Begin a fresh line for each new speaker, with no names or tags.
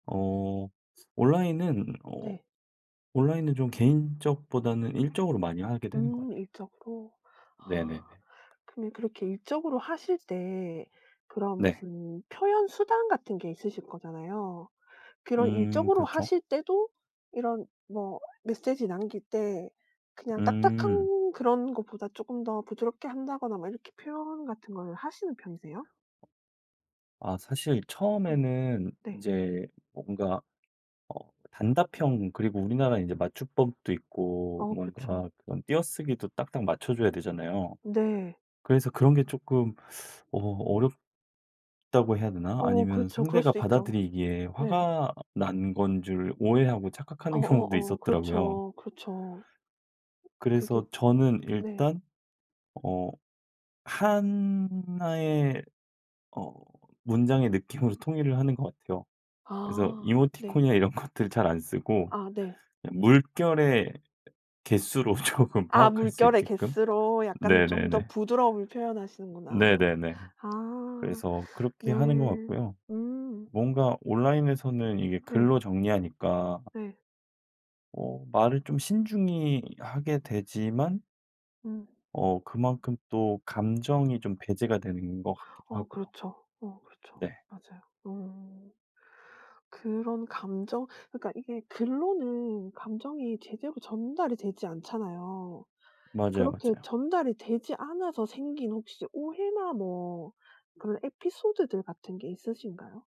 어. 온라인은 어
네.
온라인은 좀 개인적보다는 일적으로 많이 하게 되는 것
음.
같
일적으로. 아.
네네네.
그러면 그렇게 일적으로 하실 때 그런
네.
무슨 표현 수단 같은 게 있으실 거잖아요. 그런
음.
일적으로
그렇죠.
하실 때도 이런 뭐 메시지 남길 때 그냥
음.
딱딱한 그런 것보다 쪼끔 더 부드럽게 한다거나 뭐 이렇게 표현 같은 걸 하시는 편이세요?
어. 아. 사실
네.
처음에는
네.
인제 뭔가 어. 단답형 그리고 우리나라 인제 맞춤법도 있고
어. 그렇죠.
뭔가 그런 띄어쓰기도 딱딱 맞춰 줘야 되잖아요.
네.
그래서 그런 게 쪼끔 어. 어렵다고 해야 되나?
어.
아니면
그렇죠. 그럴
상대가
수도 있죠.
받아들이기에
네.
화가 어 난 건 줄 오해하고 착각하는 경우도
어어어.
있었더라고요.
그렇죠, 그렇죠. 그게
그래서 저는
네.
일단 어. 1 의 어. 문장의 느낌으로 통일을 하는 것 같아요. 그래서
아. 네.
이모티콘이나 이런 것들 잘 안 쓰고
아 네.
그냥 물결의 개수로 조금
아
파악할 수
물결의
있게끔.
개수로 약간 좀 더
네네네.
부드러움을 표현하시는구나.
네네네.
아.
그래서 그렇게
네.
하는 것 같고요.
음.
뭔가 온라인에서는 이게
네.
글로 정리하니까
네.
어. 말을 좀 신중히 하게 되지만
음.
어. 그만큼 또 감정이 좀 배제가 되는 것 같기도
어.
하고요.
그렇죠. 어 그렇죠.
네.
맞아요. 음. 그런 감정 그니까 이게 글로는 감정이 제대로 전달이 되지 않잖아요.
맞아요,
그렇게
맞아요.
전달이 되지 않아서 생긴 혹시 오해나 뭐 그런 에피소드들 같은 게 있으신가요?